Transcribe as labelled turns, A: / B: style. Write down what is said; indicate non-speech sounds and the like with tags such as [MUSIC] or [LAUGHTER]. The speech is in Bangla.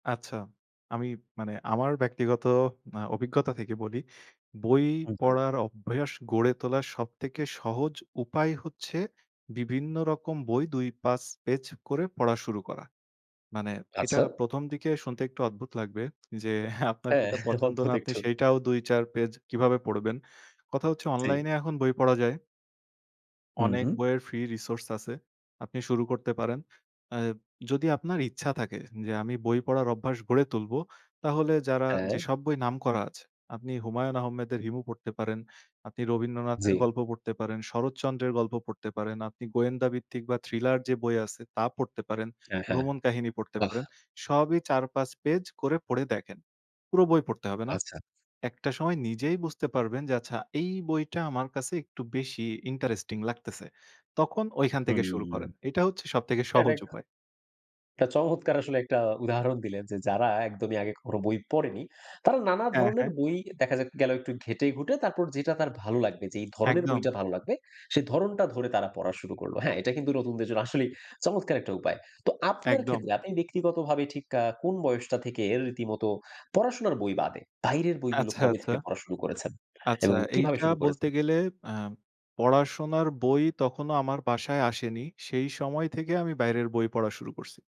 A: আচ্ছা। আমি মানে আমার ব্যক্তিগত আ অভিজ্ঞতা থেকে বলি, বই
B: [UNINTELLIGIBLE]
A: পড়ার অভ্যাস গড়ে তোলার সবথেকে সহজ উপায় হচ্ছে বিভিন্ন রকম বই ২-৫ পেজ করে পড়া শুরু করা। মানে এটা
B: আচ্ছা।
A: ১ম, দিকে শুনতে একটু অদ্ভুত লাগবে, যে, আপনার
B: হ্যাঁ,
A: যেটা পছন্দ
B: অদ্ভুত
A: না আপনি
B: একটু।
A: সেইটাও ২-৪ পেজ কীভাবে পড়বেন। কথা হচ্ছে
B: জি।
A: অনলাইনে এখন বই পড়া যায়।
B: হুম,
A: অনেক
B: হুম।
A: বইয়ের ফ্রি রিসোর্স আছে। আপনি শুরু করতে পারেন। অ্যা যদি আপনার ইচ্ছা থাকে যে, আমি বই পড়ার অভ্যাস গড়ে তুলবো তাহলে যারা
B: হ্যাঁ।
A: যেসব বই নাম করা আছে আপনি হুমায়ূন আহমেদের 'হিমু' পড়তে পারেন, আপনি রবীন্দ্রনাথের
B: জি।
A: গল্প পড়তে পারেন, শরৎচন্দ্রের গল্প পড়তে পারেন, আপনি গোয়েন্দা ভিত্তিক বা থ্রিলার যে, বই আছে তা পড়তে পারেন।
B: অ্যা
A: ভ্রমণ কাহিনী পড়তে
B: হ্যাঁ।
A: পারেন। সবই ৪-৫ পেজ করে পড়ে দেখেন। পুরো বই পড়তে হবে না?
B: আচ্ছা।
A: একটা সময় নিজেই বুঝতে পারবেন যে, আচ্ছা এই বইটা আমার কাছে একটু বেশি ইন্টারেস্টিং লাগতেছে। তখন ওইখান থেকে শুরু
B: হুম।
A: করেন। এটা হচ্ছে সবথেকে সহজ
B: [UNINTELLIGIBLE]
A: উপায়।
B: এটা চমৎকার আসলে একটা উদাহরণ দিলেন যে, যারা একদমই আগে কখনো বই পড়েনি তারা নানা
A: অ্যা
B: ধরনের
A: হ্যাঁ।
B: বই দেখা যাক, গেল একটু ঘেঁটে ঘুটে তারপর যেটা তার ভালো লাগবে যেই ধরনের
A: একদম।
B: বইটা ভালো লাগবে সেই ধরণটা ধরে তারা পড়া শুরু করল। হ্যাঁ, এটা কিন্তু নতুনদের জন্য আসলেই চমৎকার একটা উপায়। তো আপনার ক্ষেত্রে
A: একদম।
B: আপনি ব্যক্তিগতভাবে ঠিক কা কোন বয়সটা থেকে এর রীতিমতো পড়াশোনার বই বাদে, বাইরের বইগুলো
A: আচ্ছা,
B: কবে
A: আচ্ছা।
B: থেকে পড়া শুরু করেছেন
A: আচ্ছা
B: এবং কিভাবে
A: এইটা
B: শুরু
A: বলতে
B: করেছেন?
A: গেলে অ্যা পড়াশোনার বই তখনো আমার বাসায় আসেনি। সেই সময় থেকে আমি বাইরের বই পড়া শুরু করসি।